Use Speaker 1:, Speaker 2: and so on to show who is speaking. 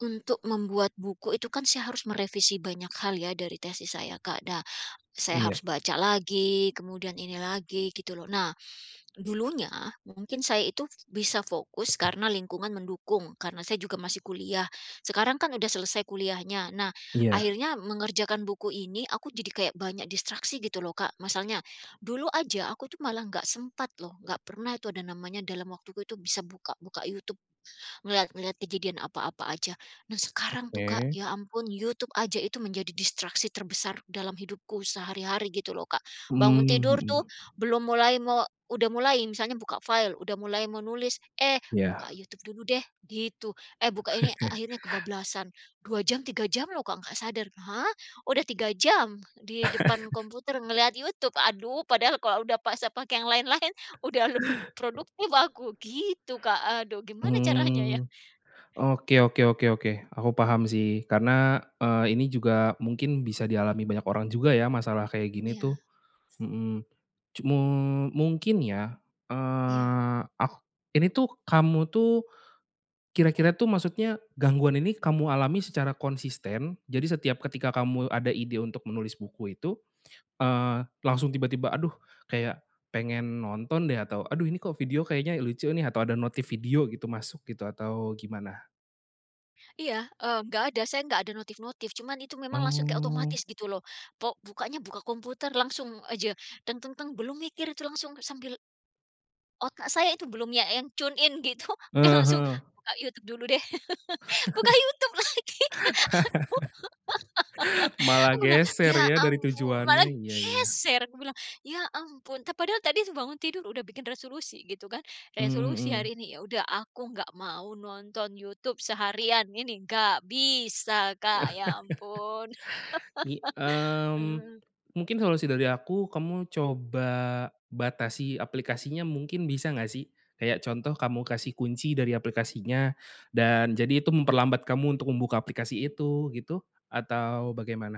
Speaker 1: Untuk membuat buku itu kan saya harus merevisi banyak hal ya dari tesis saya, Kak. Nah, saya
Speaker 2: Iya.
Speaker 1: harus baca lagi kemudian ini lagi gitu loh. Nah, dulunya mungkin saya itu bisa fokus karena lingkungan mendukung karena saya juga masih kuliah, sekarang kan udah selesai kuliahnya. Nah
Speaker 2: Iya.
Speaker 1: akhirnya mengerjakan buku ini aku jadi kayak banyak distraksi gitu loh, Kak. Masalnya,
Speaker 2: O
Speaker 1: dulu aja aku tuh malah nggak sempat loh, nggak pernah itu ada namanya dalam waktu itu bisa buka-buka YouTube, ngelihat-ngelihat kejadian apa-apa aja. Nah
Speaker 2: O
Speaker 1: sekarang tuh, Kak,
Speaker 2: oke.
Speaker 1: ya ampun YouTube aja itu menjadi distraksi terbesar dalam hidupku sehari-hari gitu loh, Kak. Bangun
Speaker 2: Mmm,
Speaker 1: tidur tuh
Speaker 2: mhm.
Speaker 1: belum mulai mau udah mulai misalnya buka file, udah mulai menulis, "Eh, buka
Speaker 2: Iya.
Speaker 1: YouTube dulu deh," gitu. "Eh buka ini," akhirnya kebablasan 2 jam 3 jam loh, Kak, nggak sadar. Hah! udah 3 jam di depan komputer ngelihat YouTube, aduh padahal kalau udah paksa pakai yang lain-lain, udah lebih produktif aku gitu, Kak, aduh gimana caranya ya?
Speaker 2: Mmm, oke oke oke oke, aku paham sih karena, eee, ini juga mungkin bisa dialami banyak orang juga ya masalah kayak gini
Speaker 1: Iya.
Speaker 2: tuh. Mhm, cumu mungkin ya,
Speaker 1: Iya.
Speaker 2: eee, ak ini tuh kamu tuh kira-kira tuh maksudnya gangguan ini kamu alami secara konsisten, jadi setiap ketika kamu ada ide untuk menulis buku itu, eee, langsung tiba-tiba, "Aduh kayak pengen nonton deh, atau, aduh ini kok video kayaknya lucu nih," atau, ada notif video gitu masuk gitu atau gimana?
Speaker 1: Iya, eee, nggak ada. Saya nggak ada notif-notif. Cuma itu langsung kek
Speaker 2: Oh.
Speaker 1: otomatis gitu loh. Po bukaknya buka komputer langsung aja belum mikir itu langsung sambil Otak saya itu belum ya yang tune in gitu udah langsung,
Speaker 2: Heeh.
Speaker 1: "Buka YouTube dulu deh," buka YouTube lagi. Aku
Speaker 2: Malah
Speaker 1: aku bilang,
Speaker 2: geser
Speaker 1: "Ya
Speaker 2: ya dari
Speaker 1: ampun,
Speaker 2: tujuannya.
Speaker 1: malah
Speaker 2: Iya iya.
Speaker 1: geser," aku bilang. Ya ampun, te padahal tadi bangun tidur udah bikin resolusi gitu kan.
Speaker 2: Mmm,
Speaker 1: Resolusi
Speaker 2: mhm.
Speaker 1: hari ini, "Ya udah aku nggak mau nonton YouTube seharian ini." Nggak bisa, Kak, ya ampun.
Speaker 2: Mi mmm,
Speaker 1: Eee.
Speaker 2: mungkin solusi dari aku kamu coba batasi aplikasinya mungkin bisa nggak sih? Kayak contoh kamu kasih kunci dari aplikasinya, dan jadi itu memperlambat kamu untuk membuka aplikasi itu gitu, atau bagaimana?